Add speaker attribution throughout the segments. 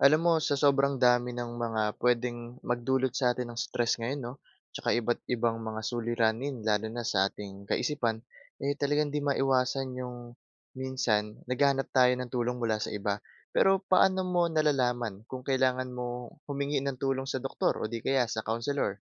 Speaker 1: Alam mo sa sobrang dami ng mga pwedeng magdulot sa atin ng stress ngayon 'no 'tsaka iba't ibang mga suliranin. Lalo na sa ating kaisipan eh, talagang hindi maiwasan yung minsan naghahanap tayo ng tulong mula sa iba. Pero paano mo nalalaman kung kailangan mong humingi ng tulong sa doktor o di kaya sa counselor?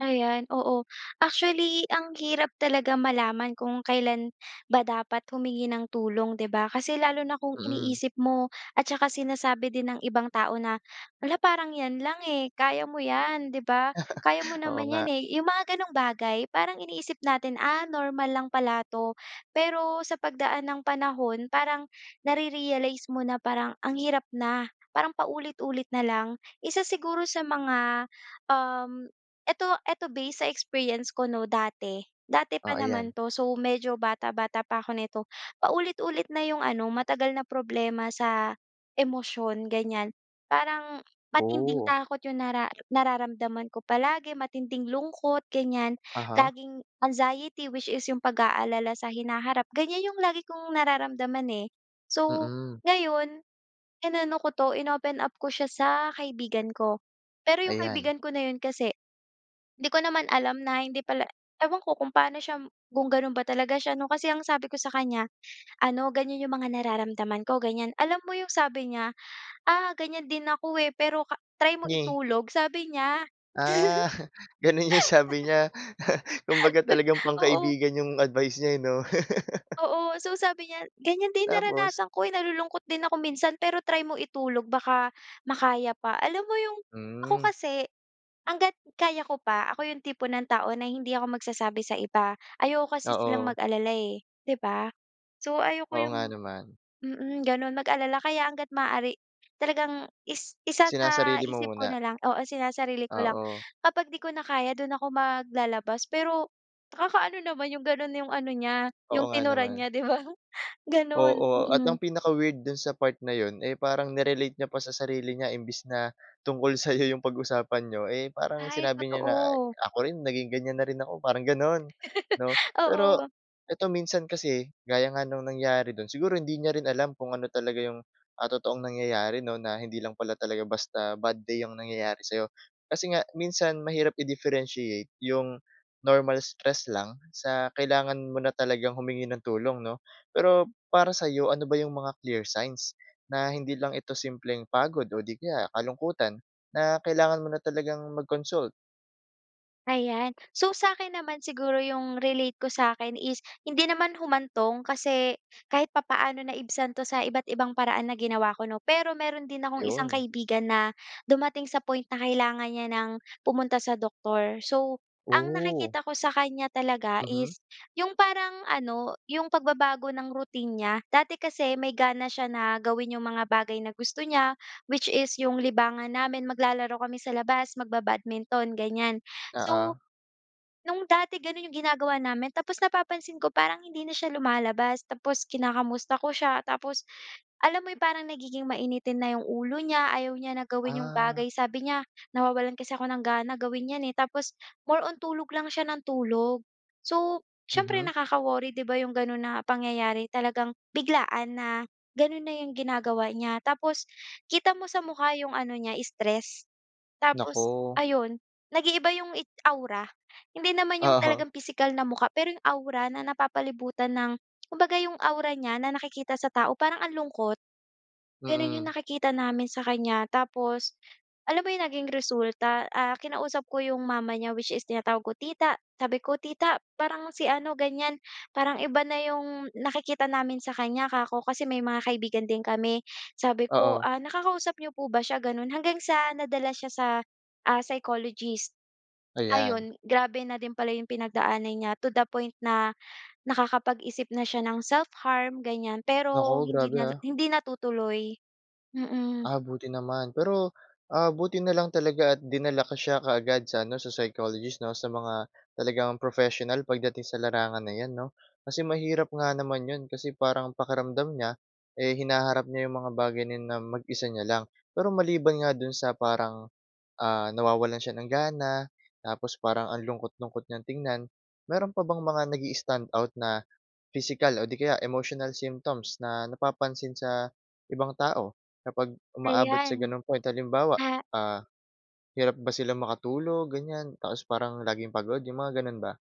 Speaker 2: Ayan, oo actually ang hirap talaga malaman kung kailan ba dapat humingi ng tulong 'di ba? Kasi lalo na kung
Speaker 1: Mm.
Speaker 2: iniisip mo at saka sinasabi din ng ibang tao na hala parang 'yan lang, eh, kaya mo 'yan di ba? Kaya mo
Speaker 1: Oo
Speaker 2: naman
Speaker 1: nga.
Speaker 2: 'yan, eh, yung mga ganong bagay. Parang iniisip natin, ah, normal lang pala 'to pero sa pagdaan ng panahon parang na-re-realize mo na parang ang hirap na parang paulit-ulit na lang. Isa siguro sa mga, um, eto eto base sa experience ko 'no dati. Dati pa
Speaker 1: Oo 'yan.
Speaker 2: naman 'to so medyo bata-bata pa ako nito paulit-ulit na yung ano matagal na problema sa emosyon ganyan. Parang matinding
Speaker 1: Oh!
Speaker 2: takot yung nara nararamdaman ko palagi, matinding lungkot ganyan.
Speaker 1: Aha.
Speaker 2: Laging anxiety which is yung pag-aalala sa hinaharap ganyan yung lagi kong nararamdaman, eh. So
Speaker 1: Mm.
Speaker 2: ngayon inano ko 'to in-open up ko siya sa kaibigan ko pero yung
Speaker 1: Ayan.
Speaker 2: kaibigan ko na yun kasi di ko naman alam na hindi pala ewan ko kung paano siya kung gano'n ba talaga siya 'no. Kasi ang sabi ko sa kanya ano ganyan yung mga nararamdaman ko ganyan, alam mo yung sabi niya, "Ah, ganyan din ako eh, pero try mo
Speaker 1: Nge.
Speaker 2: itulog," sabi niya. Oo.
Speaker 1: Ah, gano'n yung sabi niya kumbaga talagang
Speaker 2: Oo.
Speaker 1: pangkaibigan 'yong advice niya 'no?
Speaker 2: Oo, so sabi niya "Ganyan din
Speaker 1: Tapos?
Speaker 2: naranasan ko, eh, nalulungkot din ako minsan pero try mo itulog baka makaya pa." Alam mo 'yong ako
Speaker 1: Mm.
Speaker 2: kasi hangga't kaya ko pa ako 'yong tipo ng tao na hindi ako magsasabi sa iba ayoko kasi silang
Speaker 1: Oo.
Speaker 2: mag-alala, eh, di ba? So ayoko
Speaker 1: Oo
Speaker 2: 'yong,
Speaker 1: nga naman.
Speaker 2: mm, gano'n, mag-alala kaya hanggat maaari talagang is
Speaker 1: Sinasarili mo
Speaker 2: isasa-isip ko
Speaker 1: muna?
Speaker 2: na lang oo sinasarili ko lang
Speaker 1: Oo.
Speaker 2: kapag 'di ko na kaya do'n ako maglalabas. Pero nakaka-ano naman 'yong gano'n 'yong ano niya
Speaker 1: Oo
Speaker 2: 'yong
Speaker 1: nga
Speaker 2: tinuran
Speaker 1: naman.
Speaker 2: niya di ba? Gano'n,
Speaker 1: Oo at
Speaker 2: mm.
Speaker 1: ang pinaka weird dun sa part na yun, eh, parang ni-relate niya pa sa sarili niya. Imbis na tungkol sayo yung pag-usapan niyo, eh, parang
Speaker 2: Ay,
Speaker 1: sinabi niya na
Speaker 2: totoo.
Speaker 1: ako rin naging ganyan na rin ako parang ganun, 'no. Pero
Speaker 2: Oo.
Speaker 1: eto minsan kasi gaya nga ng nangyari dun. Siguro hindi niya rin alam kung ano talaga yung, ah, totoong nangyayari 'no? Na hindi lang pala talaga basta bad day yung nangyayari sa 'yo. Kasi nga minsan mahirap i-differenciate yung normal stress lang sa kailangan mo na talagang humingi ng tulong 'no? Pero para sa'yo, ano ba yung mga clear signs na hindi lang ito simpleng pagod o di kaya kalungkutan na kailangan mo na talagang mag-consult?
Speaker 2: Ayan. So, sa‘kin naman siguro ‘yong relate ko sa‘kin is hindi naman humantong, kasi kahit papaano naibsan ‘to sa iba't ibang paraan na ginawa ko, ‘no. Pero meron din akong isang
Speaker 1: 'Yon.
Speaker 2: kaibigan na dumating sa point na kailangan niya ng pumunta sa doktor. So, ang
Speaker 1: Ooh.
Speaker 2: nakikita ko sa kanya talaga
Speaker 1: Mhm.
Speaker 2: is yung parang ano, yung pagbabago ng routine niya. Dati kasi may gana siya na gawin yung mga bagay na gusto niya, which is yung libangan namin, maglalaro kami sa labas, mag-babadminton, ganyan.
Speaker 1: Oo.
Speaker 2: So, no’ng dati gano’n ‘yong ginagawa namin, tapos napapansin ko parang hindi na siya lumalabas. Tapos kinakamusta ko siya, tapos alam mo 'yong parang nagiging mainitin na ‘yong ulo niya. Ayaw niya na gawin ‘yong
Speaker 1: Ah.
Speaker 2: bagay, sabi niya nawawalan kasi ako ng gana gawin ‘yan, eh, tapos more on tulog lang siya ng tulog. So, siyempre,
Speaker 1: Mhm.
Speaker 2: nakaka-worry, ‘di ba, ‘yong gano’n na pangyayari, talagang biglaan na gano’n na ‘yong ginagawa niya. Tapos, kita mo sa mukha ‘yong ano niya, stress. Tapos,
Speaker 1: Naku.
Speaker 2: ayon, nag-iiba ‘yong i aura, hindi naman ‘yong
Speaker 1: Aha.
Speaker 2: talagang pisikal na mukha, pero ‘yong aura na napapalibutan ng kumbaga ‘yong aura niya na nakikita sa tao, parang ang lungkot. Gano’n ‘yong
Speaker 1: Mm.
Speaker 2: nakikita namin sa kanya. Tapos, alam mo ‘yong naging resulta, ah, kinausap ko ‘yong mama niya, which is tinatawag ko, tita. Sabi ko, "Tita, parang si ano, ganyan, parang iba na ‘yong nakikita namin sa kanya," ‘ka ko kasi may mga kaibigan din kami. Sabi ko,"
Speaker 1: Oo.
Speaker 2: Ah, nakakausap n’yo po ba siya?" Gano’n. Hanggang sa nadala siya sa, ah, psychologist.
Speaker 1: Ayan.
Speaker 2: Ayon, grabe na din pala ‘yong pinagdaanan niya, to the point na nakakapag-isip na siya ng self-harm, ganyan. Pero
Speaker 1: Naku,
Speaker 2: hindi
Speaker 1: grabe,
Speaker 2: na
Speaker 1: ah.
Speaker 2: hindi natutuloy. Mm.
Speaker 1: Ah, buti naman. Pero, ah, buti na lang talaga at dinala ko siya kaagad sa ano, sa psychologist, ‘no? Sa mga talagang professional pagdating sa larangan na ‘yan, ‘no? Kasi mahirap nga naman ‘yon, kasi parang pakiramdam niya, eh, hinaharap niya ‘yong mga bagay na 'yon na mag-isa niya lang. Pero maliban nga do’n sa parang, ah, nawawalan siya ng gana, tapos parang ang lungkot-lungkot niyang tingnan. Meron pa bang mga nag-i-standout na physical o di kaya emotional symptoms, na napapansin sa ibang tao, kapag umaabot sa
Speaker 2: Ayan.
Speaker 1: gano’ng point? Halimbawa,
Speaker 2: Ah.
Speaker 1: ah, hirap ba silang makatulog, ganyan, tapos parang laging pagod 'yong mga gano’n ba?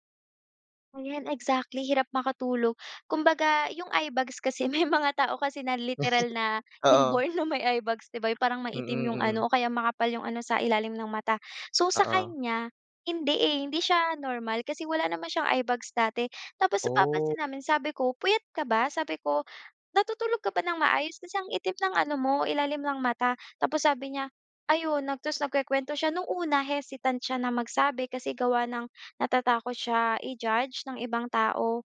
Speaker 2: Ayan, exactly, hirap makatulog. Kumbaga, 'yong eyebags kasi may mga tao kasi na literal na
Speaker 1: Oo.
Speaker 2: inborn na may eyebags, 'di ba, yung parang
Speaker 1: Mm,
Speaker 2: maitim 'yong
Speaker 1: mm.
Speaker 2: ano o kaya makapal 'yong ano sa ilalim ng mata. So
Speaker 1: Oo.
Speaker 2: sakanya, hindi eh, hindi siya normal kasi wala naman siyang eyebags dati tapos
Speaker 1: Ooh.
Speaker 2: napapansin namin, sabi ko, "Puyat ka ba?" Sabi ko, "Natutulog ka ba ng maayos? Kasi ang itim ng ano mo, ilalim ng mata." Tapos sabi niya, ayon nag ta's nagkukuwento siya. No'ng una, hesitant siya na magsabi kasi gawa ng natatakot siya i-judge ng ibang tao.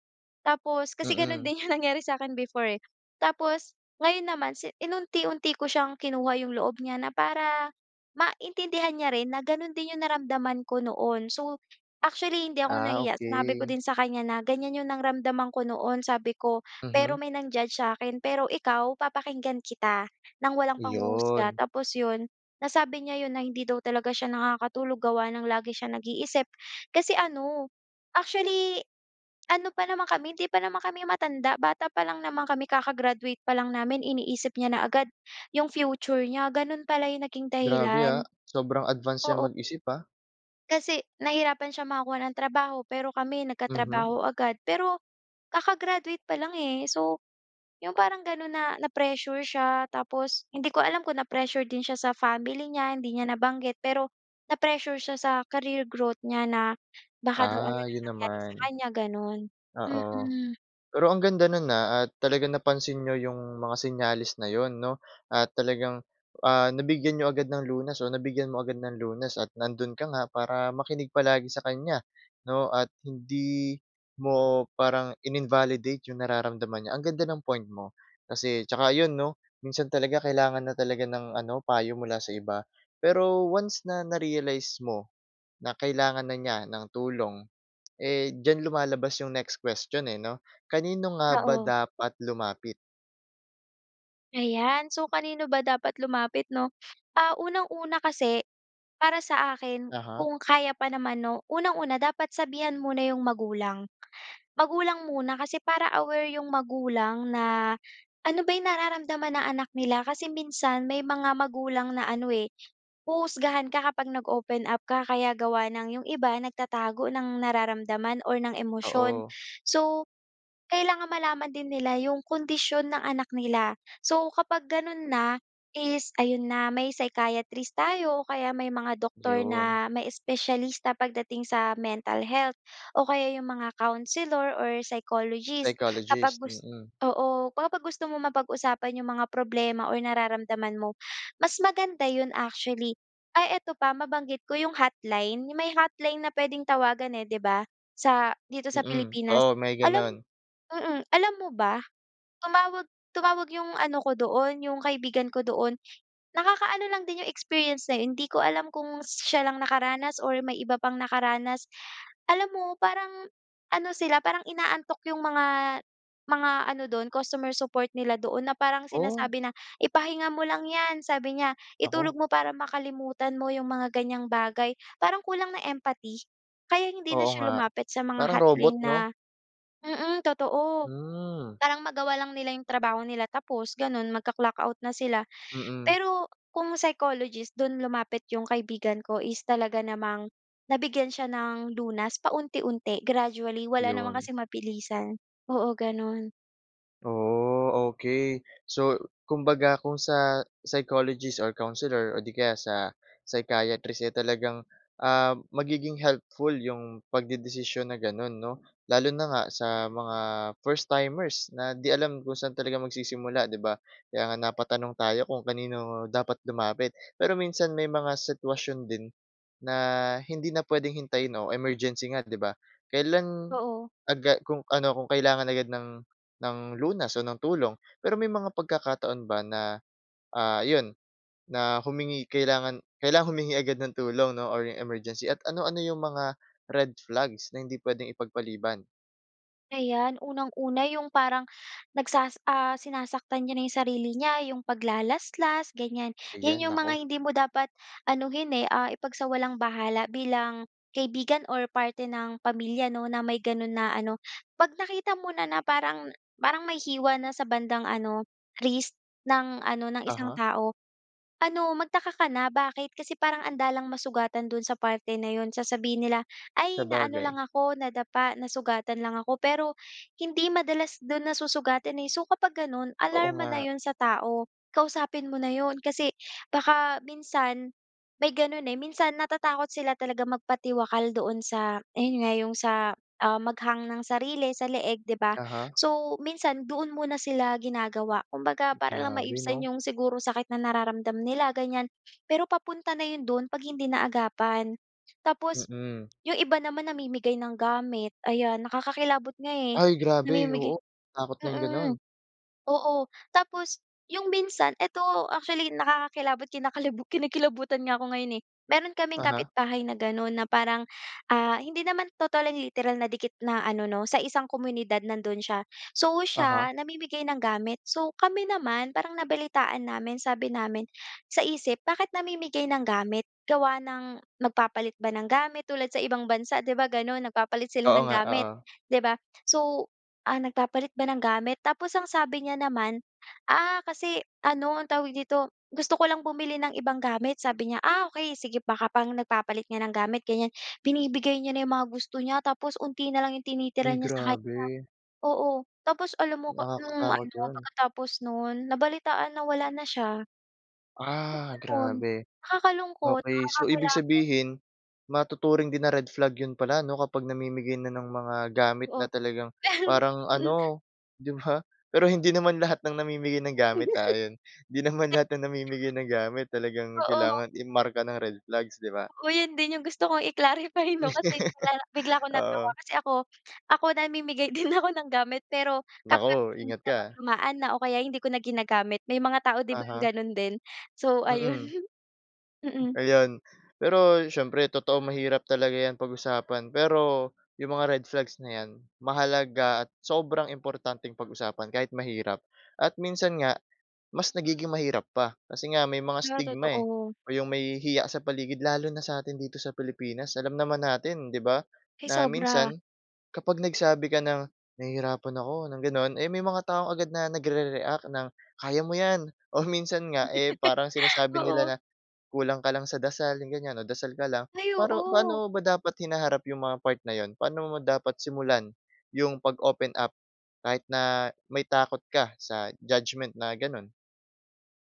Speaker 2: Tapos kasi gano'n
Speaker 1: Mm.
Speaker 2: din 'yong nangyari sa'kin before eh. Tapos ngayon naman, si-inunti-unti ko siyang kinuha 'yong loob niya na para maintindihan niya rin na gano'n din 'yong naramdaman ko noon. So, actually hindi ako
Speaker 1: Ah,
Speaker 2: nahiya, sinabi ko
Speaker 1: okey.
Speaker 2: din sa kanya na, "Ganyan 'yong naramdaman ko noon." Sabi ko, "Pero
Speaker 1: Mhm.
Speaker 2: may nang-judge sa 'kin pero ikaw papakinggan kita ng walang panghuhusga."
Speaker 1: 'Yon.
Speaker 2: Tapos 'yon, nasabi niya 'yon na hindi daw talaga siya nakakatulog gawa ng lagi siya nag-iisip. Kasi ano, actually ano pa naman kami, 'di pa naman kami matanda, bata pa lang naman kami. Kaka-graduate pa lang namin, iniisip niya na agad 'yong future niya. Gano'n pala 'yong naging
Speaker 1: Grabe
Speaker 2: dahilan.
Speaker 1: ah, sobrang advance niyang
Speaker 2: Oo.
Speaker 1: mag-isip ah.
Speaker 2: Kasi nahirapan siya makakuha ng trabaho, pero kami
Speaker 1: Mhm.
Speaker 2: nagkatrabaho agad. Pero kaka-graduate pa lang eh. So, 'yong parang gano'n na na-pressure siya tapos hindi ko alam kung na-pressure din siya sa family niya, hindi niya nabanggit pero na-pressure siya sa career growth niya na baka daw ano
Speaker 1: Ah,
Speaker 2: na
Speaker 1: yun
Speaker 2: mangyari sa
Speaker 1: naman.
Speaker 2: kanya gano'n.
Speaker 1: Oo.
Speaker 2: Mm.
Speaker 1: Pero ang ganda no'n ah at talaga napansin niyo 'yong mga senyales na 'yon 'no. At talagang, ah, nabigyan niyo agad ng lunas o nabigyan mo agad ng lunas at nandoon ka nga para makinig palagi sa kanya, 'no at hindi mo parang inin-validate 'yong nararamdaman niya. Ang ganda ng point mo kasi tsaka ayon 'no, minsan talaga kailangan na talaga ng ano, payo mula sa iba. Pero once na narealize mo na kailangan na niya ng tulong, eh diyan lumalabas yung next question eh 'no, kanino nga ba
Speaker 2: Oo.
Speaker 1: dapat lumapit?
Speaker 2: Ayan. So, kanino ba dapat lumapit 'no? Ah, unang-una kasi, para sa akin,
Speaker 1: Aha.
Speaker 2: kung kaya pa naman 'no, unang-una dapat sabihan muna 'yong magulang. Magulang muna kasi para aware 'yong magulang na ano ba 'yong nararamdaman ng anak nila. Kasi minsan, may mga magulang na ano eh, huhusgahan ka kapag nag-open up ka kaya gawa ng 'yong iba nagtatago ng nararamdaman or ng emosyon.
Speaker 1: Oo.
Speaker 2: So, kailangan malaman din nila 'yong kondisyon ng anak nila. So, kapag gano'n na, is ayon na may psychiatrist tayo o kaya may mga doktor
Speaker 1: 'Yon.
Speaker 2: na may espesyalista pagdating sa mental health. O kaya 'yong mga counselor or psychologist kapag
Speaker 1: Psychologist,
Speaker 2: gus
Speaker 1: mm.
Speaker 2: oo, kapag gusto mo mapag-usapan 'yong mga problema o nararamdaman mo, mas maganda 'yon actually. Ay eto pa, mabanggit ko 'yong hotline, 'yong may hotline na puwedeng tawagan eh, 'di ba, sa, dito sa
Speaker 1: Mm.
Speaker 2: Pilipinas
Speaker 1: Oo, may
Speaker 2: alam
Speaker 1: ganun.
Speaker 2: mm, alam mo ba, tumawag tumawag 'yong ano ko doon, 'yong kaibigan ko doon. Nakakaano lang din 'yong experience na yun, hindi ko alam kung siya lang nakaranas or may iba pang nakaranas. Alam mo parang ano sila, parang inaantok 'yong mga mga ano do'n, customer support nila doon na parang
Speaker 1: Ooh.
Speaker 2: sinasabi na, "Ipahinga mo lang 'yan." sabi niya, "Itulog
Speaker 1: Naku.
Speaker 2: mo para makalimutan mo 'yong mga ganyang bagay." Parang kulang ng empathy. Kaya hindi na
Speaker 1: Oo
Speaker 2: siya
Speaker 1: nga,
Speaker 2: lumapit sa mga
Speaker 1: parang robot
Speaker 2: hotline
Speaker 1: 'no?
Speaker 2: na mm totoo,
Speaker 1: Hmm.
Speaker 2: parang magawa lang nila 'yong trabaho nila tapos gano'n mag-ka-clock-out na sila.
Speaker 1: Mm.
Speaker 2: Pero kung psychologist don lumapit 'yong kaibigan ko is talaga namang nabigyan siya ng lunas paunti-unti, gradually. Wala naman
Speaker 1: 'Yon.
Speaker 2: kasing mabilisan. Oo gano'n.
Speaker 1: Ooh, okey. So, kumbaga kung sa, psychologist or counselor o 'di kaya sa psychiatrist eh, talagang, ah, magiging helpful 'yong pagdedesisyon na gano'n, 'no. Lalo na nga sa mga first timers na 'di alam kung saan talaga magsisimula, 'di ba. Kaya nga napatanong tayo kung kanino dapat lumapit. Pero minsan may mga sitwasyon din na, hindi na puwedeng hintayin o emergency nga, 'di ba. Kailan,
Speaker 2: Oo.
Speaker 1: agad kung ano, kung kailangan agad ng ng lunas o ng tulong. Pero may mga pagkakataon ba na, ah, 'yon, na humingi kailangan kailangan humingi agad ng tulong 'no, or 'yong emergency at ano-ano 'yong mga red flags na hindi puwedeng ipagpaliban?
Speaker 2: Ayan. Unang-una 'yong parang, nagsas ah, sinasaktan niya na 'yong sarili niya, 'yong paglalaslas ganyan. 'Yan
Speaker 1: Ayan,
Speaker 2: 'yong mga
Speaker 1: naku.
Speaker 2: hindi mo dapat anuhin eh, ah, ipagsawalang-bahala bilang kaibigan or parte ng pamilya 'no, na may gano'n na ano. 'Pag nakita mo na, na parang parang may hiwa na sa bandang ano, wrist, ng ano, ng isang
Speaker 1: Uh-huh.
Speaker 2: tao, ano, magtaka ka na, bakit? Kasi parang andalang masugatan do'n sa parte na 'yon. Sasabihin nila, "Ay na ano lang
Speaker 1: Sabagay.
Speaker 2: ako, nadapa, nasugatan lang ako." Pero hindi madalas do'n nasusugatan eh. So, kapag gano'n,
Speaker 1: Oo
Speaker 2: alarma na
Speaker 1: nga.
Speaker 2: 'yon sa tao. Kausapin mo na 'yon, kasi baka minsan may gano'n eh, minsan natatakot sila talaga magpatiwakal doon sa ayon nga, 'yong sa, ah, mag-hang ng sarili sa leeg, 'di ba.
Speaker 1: Uh-huh.
Speaker 2: So, minsan doon muna sila ginagawa, kumbaga para lang
Speaker 1: Grabe
Speaker 2: maibsan
Speaker 1: 'no.
Speaker 2: 'yong siguro sakit na nararamdam nila ganyan. Pero papunta na 'yon do'n 'pag hindi naagapan. Tapos
Speaker 1: Mm.
Speaker 2: 'yong iba naman namimigay ng gamit ayan, nakakakilabot nga eh,
Speaker 1: Ay, grabe,
Speaker 2: namimigay
Speaker 1: oo, takot na 'yong
Speaker 2: mm,
Speaker 1: gano'n.
Speaker 2: oo. Tapos, 'yong minsan, ito actually nakakakilabot, kinakalibu kinikilabutan nga ako ngayon eh. Mayro'n kaming
Speaker 1: Uh-huh.
Speaker 2: kapitbahay na gano'n, na parang, ah, hindi naman totally literal na dikit na ano 'no, sa isang komunidad nando'n siya. So,
Speaker 1: Uh-huh.
Speaker 2: siya namimigay ng gamit. So, kami naman parang nabalitaan namin, sabi namin, sa isip, bakit namimigay ng gamit? Gawa ng magpapalit ba ng gamit? Tulad sa ibang bansa, 'di ba gano'n, nagpapalit sila
Speaker 1: Oo
Speaker 2: ng
Speaker 1: nga,
Speaker 2: gamit,
Speaker 1: oo.
Speaker 2: 'di ba. So, ah, nagpapalit ba ng gamit? Tapos ang sabi niya naman, "Ah kasi, ano ang tawag dito, gusto ko lang bumili ng ibang gamit." sabi niya. Ah, okey sige baka parang nagpapalit nga ng gamit ganyan. Binibigay niya na 'yong mga gusto niya tapos 'onti na lang 'yong tinitira
Speaker 1: Uy,
Speaker 2: niya sa kanya.
Speaker 1: grabe.
Speaker 2: Oo, tapos alam mo ka no'ng
Speaker 1: Nakakatakot
Speaker 2: ano,
Speaker 1: 'yon.
Speaker 2: pagkatapos no'n, nabalitaan na wala na siya. So,
Speaker 1: Ah,
Speaker 2: ganun.
Speaker 1: grabe.
Speaker 2: Nakakalungkot,
Speaker 1: Okey. So, ibig
Speaker 2: nakakakilabot.
Speaker 1: sabihin, matuturing din na red flag 'yon pala 'no, kapag namimigay na ng mga gamit
Speaker 2: Oo.
Speaker 1: na talagang parang
Speaker 2: Mm.
Speaker 1: ano, 'di ba. Pero hindi naman lahat ng namimigay ng gamit ah, 'yon. Hindi naman lahat ng namimigay ng gamit talagang
Speaker 2: Oo.
Speaker 1: kailangan i-marka na red flags, 'di ba.
Speaker 2: Oo, yun din yung gusto kong i-clarify 'no, kasi bigla bigla ko natawa.
Speaker 1: Oo.
Speaker 2: Kasi ako ako, namimigay din ako ng gamit, pero kapag
Speaker 1: Naku,
Speaker 2: hindi
Speaker 1: ingat ka ah.
Speaker 2: napaglumaan na o kaya hindi ko na ginagamit. May mga tao 'di bang
Speaker 1: Uh-huh.
Speaker 2: ganun din. So, ayon.
Speaker 1: Mm.
Speaker 2: Mm.
Speaker 1: Ayon. Pero siyempre totoo, mahirap talaga 'yan pag-usapan. Pero 'yong mga red flags na 'yan, mahalaga at sobrang importanteng pag-usapan kahit mahirap. At minsan nga mas nagiging mahirap pa, kasi nga may mga
Speaker 2: Pero
Speaker 1: stigma eh,
Speaker 2: totoo.
Speaker 1: o 'yong may hiya sa paligid, lalo na sa atin dito sa Pilipinas. Alam naman natin, 'di ba,
Speaker 2: Ay,
Speaker 1: na
Speaker 2: sobra.
Speaker 1: minsan kapag nagsabi ka ng, "Nahihirapan ako", ng gano'n, eh, may mga taong agad na nagre-react ng, "Kaya mo 'yan." o minsan nga eh parang sinasabi nila
Speaker 2: Oo.
Speaker 1: na, "Kulang ka lang sa dasal." ganyan o "Dasal ka lang."
Speaker 2: Ay,
Speaker 1: Pero,
Speaker 2: oo.
Speaker 1: paano mo ba dapat hinaharap yung mga part na 'yon? Paano mo dapat simulan yung pag-open up kahit na may takot ka sa judgement, na ganun?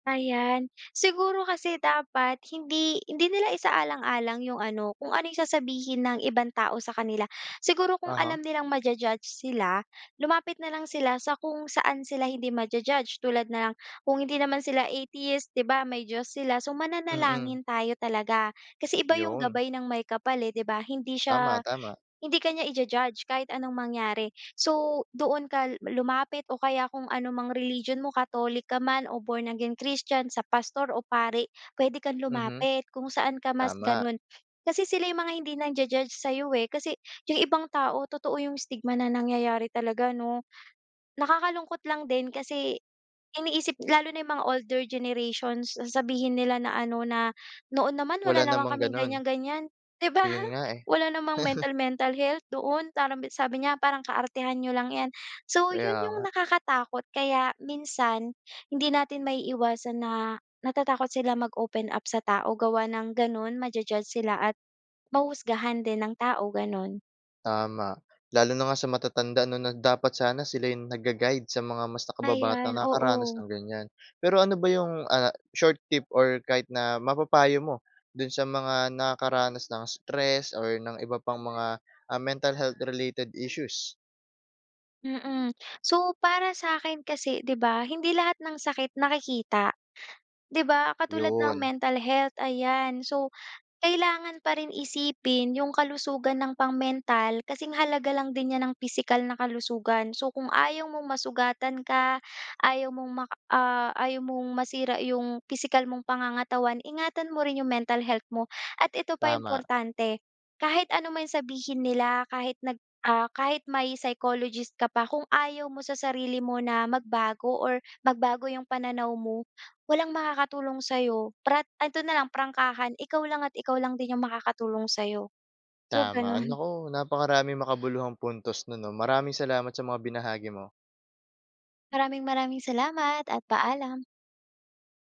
Speaker 2: Ayan, siguro kasi dapat hindi hindi nila isaalang-alang 'yong ano, kung ano yung sasabihin ng ibang tao sa kanila. Siguro kung
Speaker 1: Uh-huh.
Speaker 2: alam nilang ma-ju-judge sila, lumapit na lang sila sa kung saan sila hindi ma-ju-judge, tulad na lang, kung hindi naman sila atheist, 'di ba? May Diyos sila so
Speaker 1: Mm.
Speaker 2: mananalangin tayo talaga. Kasi iba 'yong
Speaker 1: Yun.
Speaker 2: gabay ng Maykapal eh, 'di ba? Hindi
Speaker 1: Tama,
Speaker 2: siya,
Speaker 1: tama.
Speaker 2: hindi ka niya ija-judge kahit anong mangyari. So, doon ka lumapit o kaya kung ano mang religion mo, Catholic ka man o Born Again Christian, sa pastor o pari, puwede kang
Speaker 1: Mhm,
Speaker 2: lumapit kung saan ka mas
Speaker 1: tama.
Speaker 2: gano'n. Kasi sila yung mga hindi nangja-judge sa'yo eh. Kasi 'yong ibang tao totoo 'yong stigma na nangyayari talaga 'no? Nakakalungkot lang din kasi, iniisip lalo na 'yong mga older generations, sasabihin nila na ano, na "Noon naman wala
Speaker 1: Wala
Speaker 2: naman
Speaker 1: namang
Speaker 2: kaming
Speaker 1: ganun.
Speaker 2: ganyan-ganyan", 'di ba?
Speaker 1: Yon nga eh.
Speaker 2: Wala namang mental, mental health noon, parang sabi niya, parang, "Kaartehan n'yo lang 'yan". So 'yon
Speaker 1: Kaya nga.
Speaker 2: 'yong nakakatakot kaya minsan, hindi natin maiiwasan na, natatakot sila mag-open up sa tao gawa ng gano'n, ma-ju-judge sila at mahushusgahan din ng tao gano'n.
Speaker 1: Tama, lalo na nga sa matatanda 'no na dapat sana sila yung nagga-guide sa mga mas nakababatang
Speaker 2: Ayan,
Speaker 1: nakakaranas
Speaker 2: oo.
Speaker 1: ng ganyan. Pero ano ba yung, ah, short tip or kahit na mapapayo mo do'n sa mga nakakaranas ng stress or ng iba pang mga, ah, mental health related issues?
Speaker 2: Mm. So, para sa akin kasi di ba, hindi lahat ng sakit nakikita. Di ba? Katulad ng
Speaker 1: 'Yon.
Speaker 2: mental health, ayan. So, kailangan pa rin isipin 'yong kalusugan ng pang-mental, kasing halaga lang din niyan ng pisikal na kalusugan. So, kung ayaw mong masugatan ka, ayaw mong mak ah, ayaw mong masira 'yong pisikal mong pangangatawan, ingatan mo rin 'yong mental health mo. At ito pa
Speaker 1: Tama.
Speaker 2: importante, kahit ano man sabihin nila kahit nag ah, kahit may psychologist ka pa, kung ayaw mo sa sarili mo na magbago or magbago 'yong pananaw mo, walang makakatulong sa 'yo. Prat ito na lang prangkahan, ikaw lang at ikaw lang din 'yong makakatulong sa 'yo. So,
Speaker 1: Tama.
Speaker 2: gano'n.
Speaker 1: Naku, napakaraming makabuluhang puntos no'n 'no, maraming salamat sa mga binahagi mo.
Speaker 2: Maraming maraming salamat at paalam.